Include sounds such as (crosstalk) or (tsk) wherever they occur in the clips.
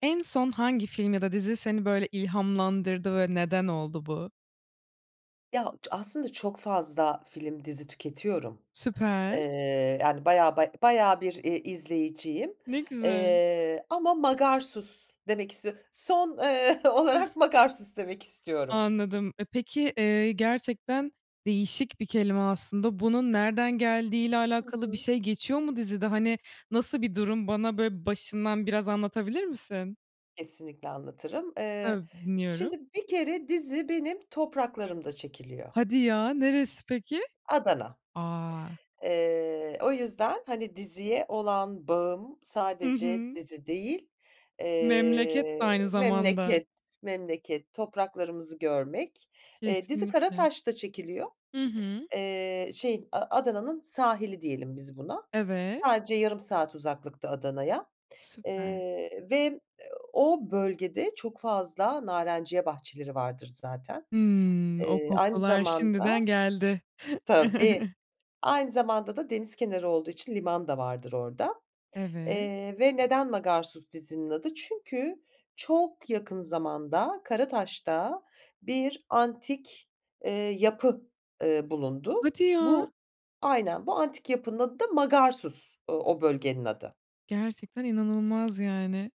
En son hangi film ya da dizi seni böyle ilhamlandırdı ve neden oldu bu? Ya ç aslında çok fazla film, dizi tüketiyorum. Süper. Iıı, yani, bayağı, baya bayağı bir, ııı, izleyiciyim, Ne güzel. ııı, ama Magarsus demek istiyo son, ııı, olarak (chuckles) Magarsus demek istiyorum. Anladım. E, peki, eee, gerçekten değişik bir kelime aslında, bunun nereden geldiği ile Hı alakalı bir hı. şey geçiyor mu dizide? Hani, nasıl bir durum bana, böyle, başından biraz anlatabilir misin? Kesinlikle anlatırım. Eee, Tabii, dinliyorum. şimdi bir kere dizi benim topraklarımda çekiliyor. Hadi ya, neresi peki? Adana. A! Eee, o yüzden, hani, diziye olan bağım Hı sadece hı. dizi değil, Memleket de eee, aynı zamanda. memleket, memleket topraklarımızı görmek. Eee, dizi Kesinlikle. Karataş'ta çekiliyor. Hı hı. Eee, şeyin, A Adana'nın sahili diyelim biz buna, Evet. sadece yarım saat uzaklıkta Adana'ya. Süper. Eee, ve o bölgede çok fazla narenciye bahçeleri vardır zaten. Hımm. O Eee, aynı kokular zamanda, şimdiden geldi. tabii, (chuckles) aynı zamanda da deniz kenarı olduğu için liman da vardır orada, Evet. eee, ve neden Magarsus dizinin adı? Çünkü çok yakın zamanda Karataş'ta bir antik, eee, yapı, eee, bulundu. Hadi ya. Bu, aynen, bu antik yapının adı da Magarsus, o bölgenin adı. Gerçekten inanılmaz, yani.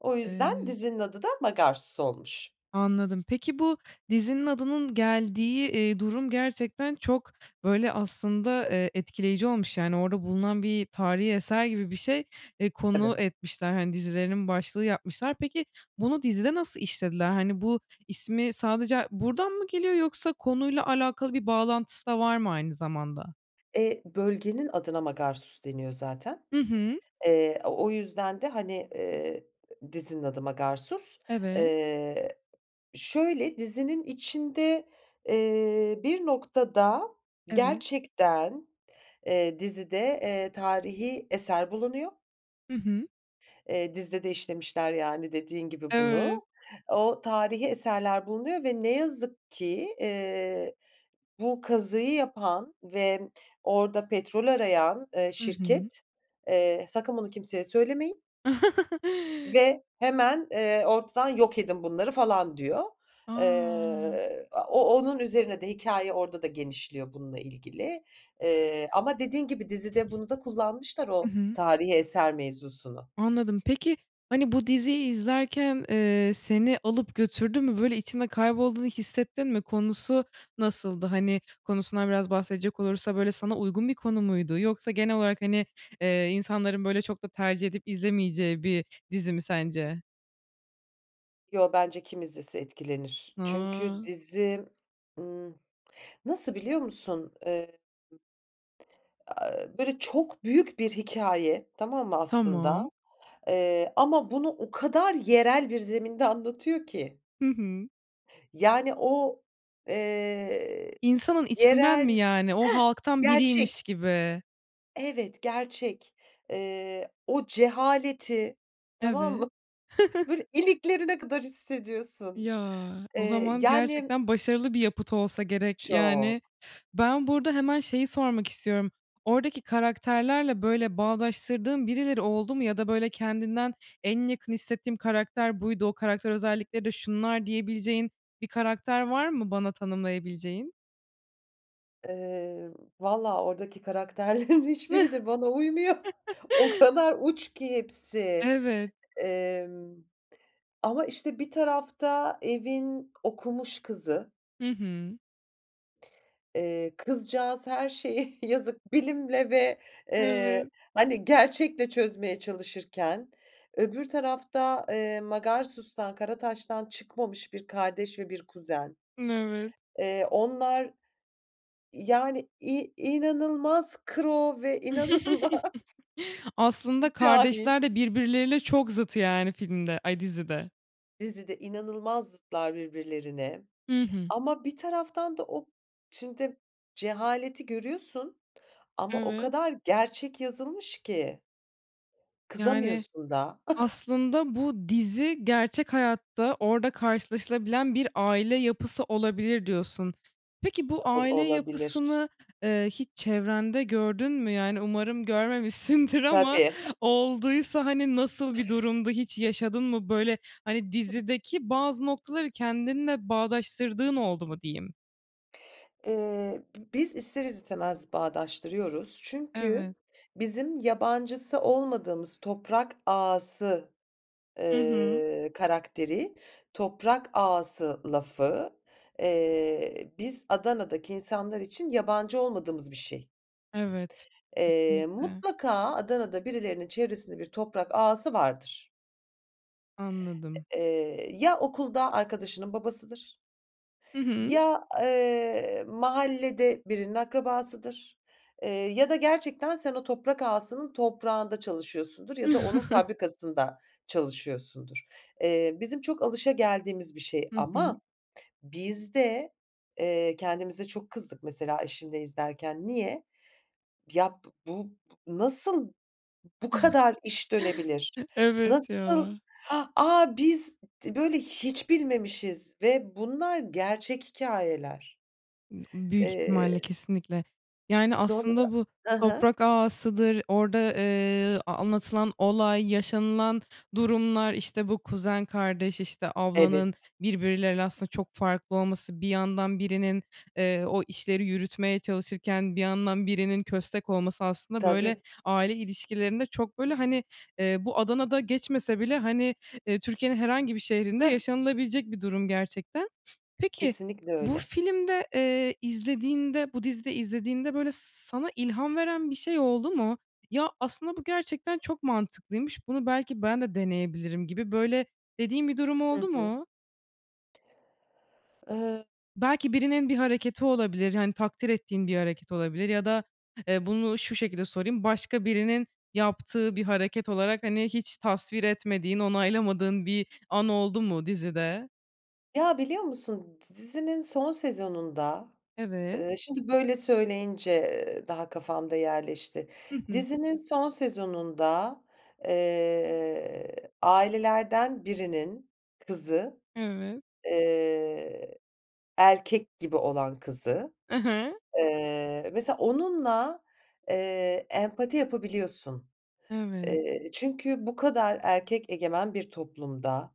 O yüzden Evet. dizinin adı da Magarsus olmuş. Anladım, peki, bu dizinin adının geldiği, eee, durum gerçekten çok, böyle, aslında, eee, etkileyici olmuş. Yani, orada bulunan bir tarihî eser gibi bir şey, eee, konu Tabii. etmişler. Hani, dizilerinin başlığı yapmışlar. Peki, bunu dizide nasıl işlediler? Hani, bu ismi sadece ha buradan mı geliyor yoksa konuyla alakalı bir bağlantısı da var mı, aynı zamanda? Eee, bölgenin adına Magarsus deniyor zaten. Hı hı. Eee, o o yüzden de, hani, eee, dizinin adı Magarsus. Evet. Eee, şöyle dizinin içinde, eee, bir noktada Evet. gerçekten, eee, dizide, eee, tarihi eser bulunuyor. Hı hı. Eee, dizide de işlemişler, yani, dediğin gibi Evet. bunu. O tarihi eserler bulunuyor ve ne yazık ki, eee, bu kazıyı yapan ve orada petrol arayan, ııı, Hı hı. şirket, eee, “Sakın bunu kimseye söylemeyin” (chuckles) “ve hemen, eee, ortadan yok edin bunları.” falan, diyor. A! Eee, a o onun üzerine de hikâye orada da genişliyor bununla ilgili, eee, ama dediğin gibi dizide bunu da kullanmışlar Hı o hı. tarihi eser mevzusunu. Anladım. Peki, hani, bu diziyi izlerken, eee, seni alıp götürdü mü? Böyle, içinde kaybolduğunu hissettin mi? Konusu nasıldı? Hani, konusundan biraz bahsedecek olursa, böyle, sana uygun bir konu muydu? Yoksa genel olarak, hani, eee, insanların, böyle, çok da tercih edip izlemeyeceği bir dizi mi, (unintelligible) sence? Yo, bence kim izlese etkilenir? Çünkü Ha! dizim, ımm, nasıl biliyor musun? Eee, Aaa, e böyle, çok büyük bir hikâye, tamam mı, aslında? Tamam. Eee, ama bunu o kadar yerel bir zeminde anlatıyor ki. Hı hı. Yani, o, eee, İnsanın içinden mi, yerel yani? O Heh, halktan gerçek! biriymiş gibi. Evet, gerçek. Eee, o cehaleti, tamam Evet. mı? Böyle, (chuckles) iliklerine kadar hissediyorsun. Ya! O Eee, zaman yani m gerçekten başarılı bir yapıt olsa gerek, yani. Çok. Ben burada hemen şeyi sormak istiyorum: Oradaki karakterlerle, böyle, bağdaştırdığın birileri oldu mu ya da, böyle, kendinden "En yakın hissettiğim karakter buydu, o karakter özellikleri de şunlar." diyebileceğin bir karakter var mı bana tanımlayabileceğin? Emm, valla oradaki karakterlerin hiçbiri de bana uymuyor. O (chuckles) kadar uç ki hepsi. Evet. Emm, ama işte bir tarafta evin okumuş kızı Hı hı. eee, kızcağız her şeyi yazık bilimle ve eee Evet. hani gerçekle çözmeye çalışırken, öbür tarafta, eee, Magarsus'tan, Karataş'tan çıkmamış 1 kardeş ve 1 kuzen. N evet. Eee, onlar, yani, i inanılmaz kıro ve inanılmaz (chuckles) Aslında cahil. kardeşler de birbirleriyle çok zıt yani filmde, ay, dizide. Dizide inanılmaz zıtlar birbirlerine Hı hı. ama bir taraftan da o şimdi cehaleti görüyorsun ama o Evet. kadar gerçek yazılmış ki. Yani, Kızamıyorsun da. (chuckles) aslında bu dizi gerçek hayatta orda karşılaşılabilen bir aile yapısı olabilir, diyorsun. Peki bu Ol aile olabilir. yapısını, eee, hiç çevrende gördün mü? Yani umarım görmemişsindir ama Tabii. (chuckles) olduysa hani nasıl bir durumdu? Hiç yaşadın mı? Böyle, hani, dizideki bazı noktaları kendinle bağdaştırdığın oldu mu diyeyim? Eee, bi biz ister istemez bağdaştırıyoruz çünkü Evet. bizim yabancısı olmadığımız toprak ağası, Hı hı. eee, karakteri toprak ağası lafı, eee, biz Adana'daki insanlar için yabancı olmadığımız bir şey. Evet, Eee, kesinlikle. mutlaka Adana'da birilerinin çevresinde bir toprak ağası vardır. Anladım. Eee, eee, ya okulda arkadaşının babasıdır Hı hı. ya, eee, mahallede birinin akrabasıdır, eee, ya da gerçekten sen o toprak ağasının toprağında çalışıyorsundur ya da onun (chuckles) fabrikasında çalışıyorsundur. Eee, bizim çok alışageldiğimiz bir şey Hı hı. ama biz de, eee, kendimize çok kızdık mesela eşimle izlerken. Niye? Ya b bu bu nasıl bu kadar iş dönebilir? (chuckles) Evet Nasıl ya. h aaa, biz d böyle hiç bilmemişiz ve bunlar gerçek hikâyeler. Imm, büyük ihtimalle, Eee kesinlikle. Yani Doğru, aslında bu hı hı. toprak ağasıdır, orda, eee, ııı, anlatılan olay yaşanılan durumlar, işte bu kuzen, kardeş, işte, ablanın Evet. birbirleriyle aslında çok farklı olması, bir yandan birinin, eee, o işleri yürütmeye çalışırken bir yandan birinin köstek olması aslında böyle Tabii. aile ilişkilerinde çok böyle hani, eee, bu, Adana'da geçmese bile hani, eee, Türkiye'nin herhangi bir şehrinde Hıh. yaşanılabilecek bir durum gerçekten. Peki Kesinlikle bu öyle. filmde, eee, izlediğinde bu dizide izlediğinde böyle s sana ilham veren bir şey oldu mu? "Ya, aslında bu gerçekten çok mantıklıymış, bunu belki ben de deneyebilirim." gibi böyle dediğin bir durum Hı oldu hı. mu? Eee Belki birinin bir hareketi olabilir, hani, takdir ettiğin bir hareket olabilir ya da, eee, bunu şu şekilde sorayım: Başka birinin yaptığı bir hareket olarak, hani, hiç tasvir etmediğin, onaylamadığın bir an oldu mu dizide? Ya, biliyor musun d dizinin son sezonunda, Evet. eee, şimdi böyle söyleyince, ııı, daha kafamda yerleşti. Hı hı. Dizinin son sezonunda, eee, ailelerden birinin kızı, Evet. eee, erkek gibi olan kızı, I hı. eee, mesela onunla, eee, empati yapabiliyorsun. Evet. Eee, çünkü bu kadar erkek egemen bir toplumda,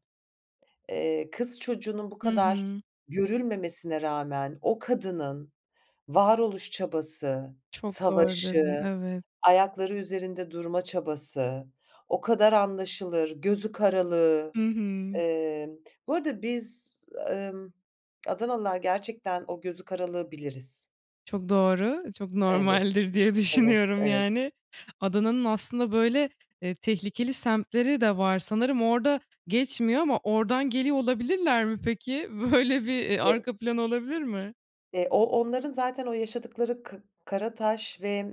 eee, kız çocuğunun bu Hı kadar hı. görülmemesine rağmen o kadının varoluş çabası, Çok doğru dedin, savaşı, evet. ayakları üzerinde durma çabası, o kadar anlaşılır gözü karalığı. Hı hı. Eee, bu arada biz, emm, Adanalılar, gerçekten o gözü karalığı biliriz. Çok doğru, çok Evet, normaldir diye evet, düşünüyorum evet. yani Adana'nın aslında böyle, eee, tehlikeli semtleri de var sanırım orda geçmiyor ama ordan geliyor olabilirler mi peki? Böyle bir, eee, (unintelligible) arka plan olabilir mi? Eee, o onların zaten o yaşadıkları ka Karataş ve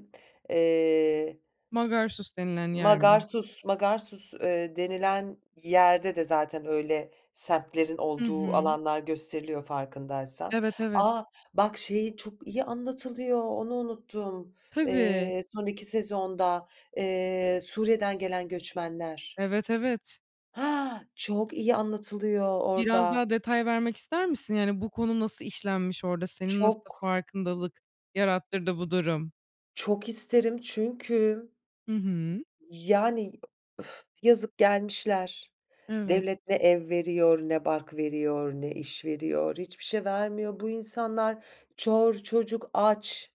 eee Magarsus denilen yer mi? Magarsus Magarsus, eee, denilen yerde de zaten öyle semtlerin Hı olduğu hı. alanlar gösteriliyor farkındaysan. Evet, evet. A! Bak şeyi çok iyi anlatılıyor, onu unuttum, Tabii. eee, son 2 sezonda, eee, Suriye'den gelen göçmenler. Evet, evet. Ha, çok iyi anlatılıyor Biraz orda. daha detay vermek ister misin? Yani bu konu nasıl işlenmiş orda? Senin nasıl Çok. farkındalık yarattırdı bu durum? Çok isterim çünkü Hı hı. Yani uf yazık. Gelmişler. Evet. Devlet ne ev veriyor, ne bark veriyor, ne iş veriyor, hiçbir şey vermiyor. Bu insanlar... Çor, çocuk aç.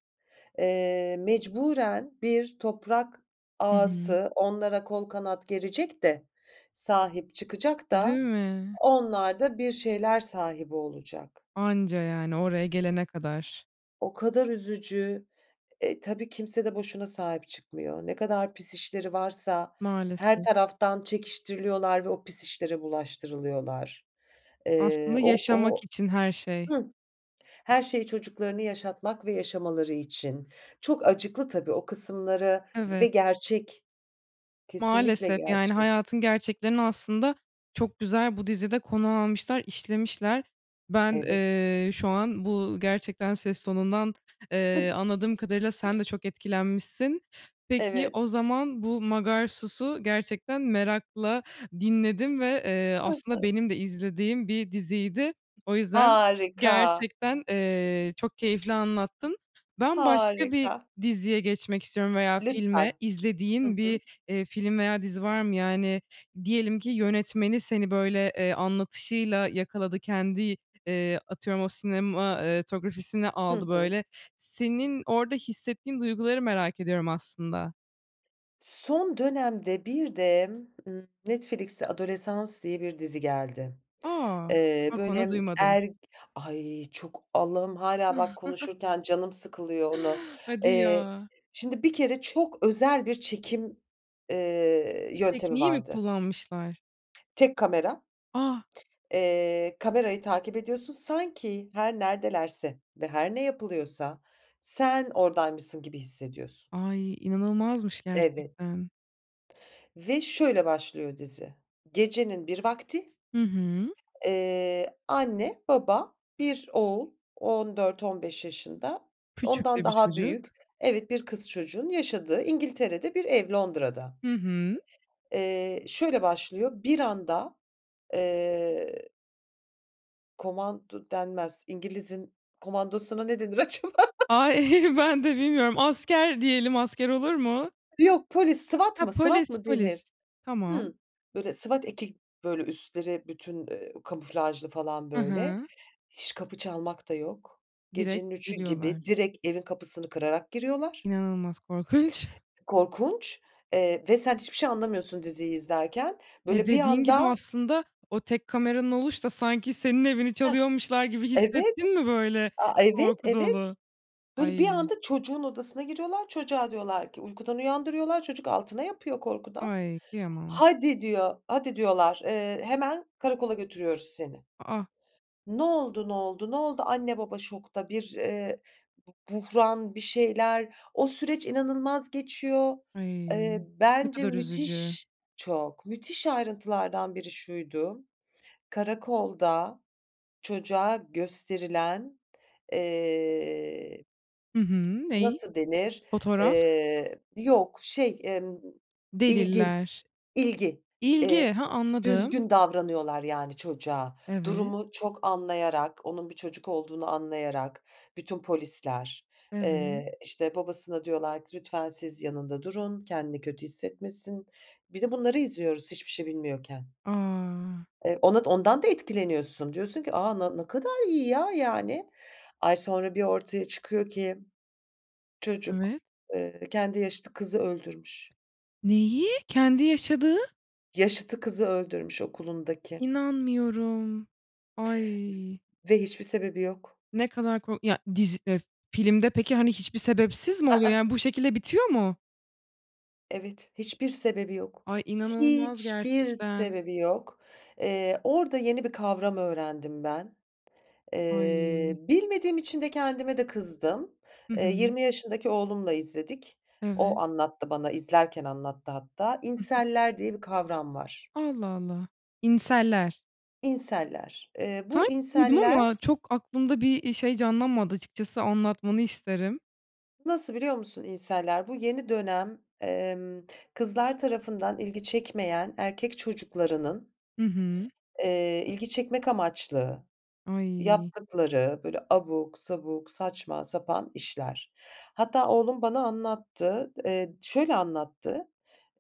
Eee, mecburen bir toprak Hı hı. ağası onlara kol kanat gerecek de, sahip çıkacak Değil da mi? onlar da bir şeyler sahibi olacak. Anca yani oraya gelene kadar. O kadar üzücü. E, tabii kimse de boşuna sahip çıkmıyor. Ne kadar pis işleri varsa her Maalesef. taraftan çekiştiriliyorlar ve o pis işlere bulaştırılıyorlar. Eee, Aslında o yaşamak o için her şey. Hıh. Her şey çocuklarını yaşatmak ve yaşamaları için. Çok acıklı tabii o kısımları ve Evet. gerçek, kesinlikle Maalesef. Yani, gerçek. hayatın gerçeklerini aslında çok güzel bu dizide konu almışlar, işlemişler. Ben, Evet. eee, şu an bu gerçekten ses tonundan, eee, anladığım kadarıyla sen de (chuckles) çok etkilenmişsin. Peki, Evet. o zaman bu Magarsus'u gerçekten merakla dinledim ve, eee, Hı hı. aslında benim de izlediğim bir diziydi. O yüzden Harika! gerçekten, eee, çok keyifli anlattın. Ben başka bir Harika! diziye geçmek istiyorum veya filme. Lütfen. Hı İzlediğin hı. bir, eee, film veya dizi var mı? Yani, diyelim ki yönetmeni seni böyle, eee, anlatışıyla yakaladı. Kendi, eee, atıyorum o sinema, eee, tografisini Hı aldı hı. böyle. Senin orda hissettiğin duyguları merak ediyorum aslında. Son dönemde bir de, ııı, Netflix'e Adolescence diye bir dizi geldi. A! Eee, Bak onu böyle duymadım. er Ay! Çok. Allah'ım hâlâ bak (chuckles) konuşurken canım sıkılıyor onu. Hadi Eee, ya. şimdi bir kere çok özel bir çekim, eee, yöntemi Tekniği mi vardı. kullanmışlar? Tek kamera. A! Eee, kamerayı takip ediyorsun. Sanki her neredelerse ve her ne yapılıyorsa, sen oradaymışsın gibi hissediyorsun. Ay, inanılmazmış Evet. gerçekten. Ve şöyle başlıyor dizi, gecenin bir vakti, Hı hı. eee, anne, baba, 1 oğul 14-15 yaşında, Küçük ondan de bir daha çocuk. büyük Evet. 1 kız çocuğunun yaşadığı İngiltere'de bir ev Londra'da. Hı hı. Eee, şöyle başlıyor, bir anda, eee komando denmez, İngiliz'in komandosuna ne denir acaba? (chuckles) Ay, (chuckles) ben de bilmiyorum. Asker diyelim. Asker olur mu? Yok, polis. SWAT Ha, mı, SWAT polis, mı polis. denir? Tamam. Hımm. Böyle, SWAT eki böyle, üstleri bütün, eee, kamuflajlı falan, I böyle. hı. Hiç kapı çalmak da yok. Direkt Gecenin 3.00'ü gibi giriyorlar. direkt evin kapısını kırarak giriyorlar. İnanılmaz korkunç. Korkunç, eee, ve sen hiçbir şey anlamıyorsun diziyi izlerken. Ve Böyle, bir dediğin gibi, anda aslında o tek kameranın oluş da sanki senin evini Heh. çalıyormuşlar gibi Evet. hissettin mi böyle, A, evet, korku evet. dolu? Böyle, bir Ay. anda çocuğun odasına giriyorlar, çocuğa diyorlar ki uykudan uyandırıyorlar, çocuk altına yapıyor korkudan. Ay, kıyamam. "Hadi." diyor, "Hadi." diyorlar, eee, "Hemen karakola götürüyoruz seni. A, a! Ne oldu, ne oldu, ne oldu?" anne, baba şokta. Bir, eee, bu buhran, bir şeyler, o süreç inanılmaz geçiyor. Ay, Eee, ne bence kadar üzücü. müthiş Çok. Müthiş ayrıntılardan biri şuydu, karakolda çocuğa gösterilen eee Hı hı. (tsk) Neyi? nasıl denir? Fotoğraf. Eee, yok, şey, emm, ilgi, Deliller. ilgi. Eee, İlgi. Ha, anladım. düzgün davranıyorlar, yani, çocuğa. Evet. Durumu çok anlayarak, onun bir çocuk olduğunu anlayarak. Bütün polisler. Evet. Eee, işte, babasına diyorlar ki, "Lütfen siz yanında durun, kendini kötü hissetmesin." Bir de bunları izliyoruz hiçbir şey bilmiyorken. A! Ev onot ondan da etkileniyorsun, diyorsun ki, "A, na ne kadar iyi, ya, yani." Ay, sonra bir ortaya çıkıyor ki çocuk, Evet. eee, kendi yaşıtı kızı öldürmüş. Neyi? Kendi yaşadığı? Yaşıtı kızı öldürmüş okulundaki. İnanmıyorum, ay. Ve hiçbir sebebi yok. Ne kadar ko Ya, dizi eee, filmde peki hiçbir sebepsiz mi I oluyor? ıh. Yani, bu şekilde bitiyor mu? Evet, hiçbir sebebi yok. Ay, inanılmaz Hiçbir gerçekten. sebebi yok. Eee, orada yeni bir kavram öğrendim ben. Eee, Ay. bilmediğim için de kendime de kızdım. Hı Eee, hı. 20 yaşındaki oğlumla izledik. Evet. O, anlattı bana izlerken anlattı hatta. Hı hı. Incel'ler diye bir kavram var. Allah Allah. Incel'ler Incel'ler, eee, bu Sanki duydum incel'ler ama çok aklımda bir, eee, şey canlanmadı açıkçası, anlatmanı isterim. nasıl biliyor musun incel'ler? Bu yeni dönem, emm, kızlar tarafından ilgi çekmeyen erkek çocuklarının, Hı hı. eee, ilgi çekmek amaçlı Ay. yaptıkları böyle abuk sabuk, saçma sapan işler. Hatta oğlum bana anlattı. Eee, şöyle anlattı;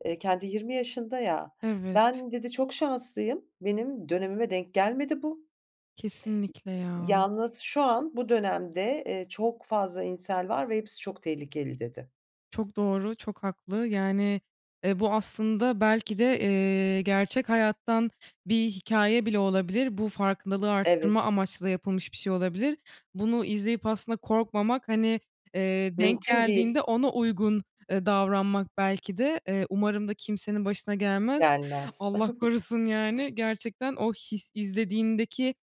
eee, kendi 20 yaşında ya, Evet. "Ben" dedi, "çok şanslıyım, benim dönemime denk gelmedi bu." Kesinlikle ya. Yalnız şu an, bu dönemde eee çok fazla incel var ve hepsi çok tehlikeli, dedi. Çok doğru, çok haklı. Yani, eee, bu aslında belki de, eee, gerçek hayattan bir hikâye bile olabilir. Bu farkındalığı Evet. arttırma amaçlı da yapılmış bir şey olabilir. Bunu izleyip aslında korkmamak, hani, eee, denk Mümkün değil. geldiğinde ona uygun, eee, davranmak belki de, eee, umarım da kimsenin başına gelmez. Gelmez. Allah (chuckles) korusun, yani, gerçekten o his izlediğindeki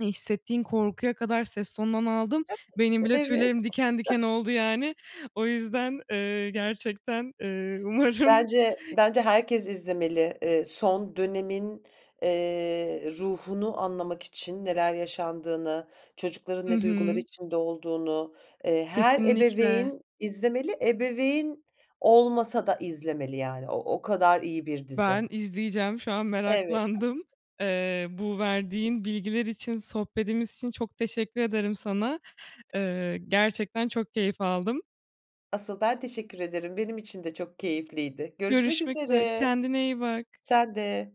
hissettiğin korkuya kadar ses tonundan aldım. Benim (giggles) bile Evet. tüylerim diken diken (giggles) oldu, yani. O yüzden, eee, gerçekten, eee, umarım Bence bence herkes izlemeli. Eee, son dönemin, eee, ruhunu anlamak için neler yaşandığını, çocukların Hı ne duygular hı. içinde olduğunu, eee, her Kesinlikle. ebeveyn izlemeli. Ebeveyn olmasa da izlemeli, yani, o o kadar iyi bir dizi. Ben izleyeceğim, şu an Evet. meraklandım. Eee, bu verdiğin bilgiler için, sohbetimiz için çok teşekkür ederim sana. Eee, gerçekten çok keyif aldım. Asıl ben teşekkür ederim. Benim için de çok keyifliydi. Görüşmek Görüşmek üzere, üzere. kendine iyi bak. Sen de.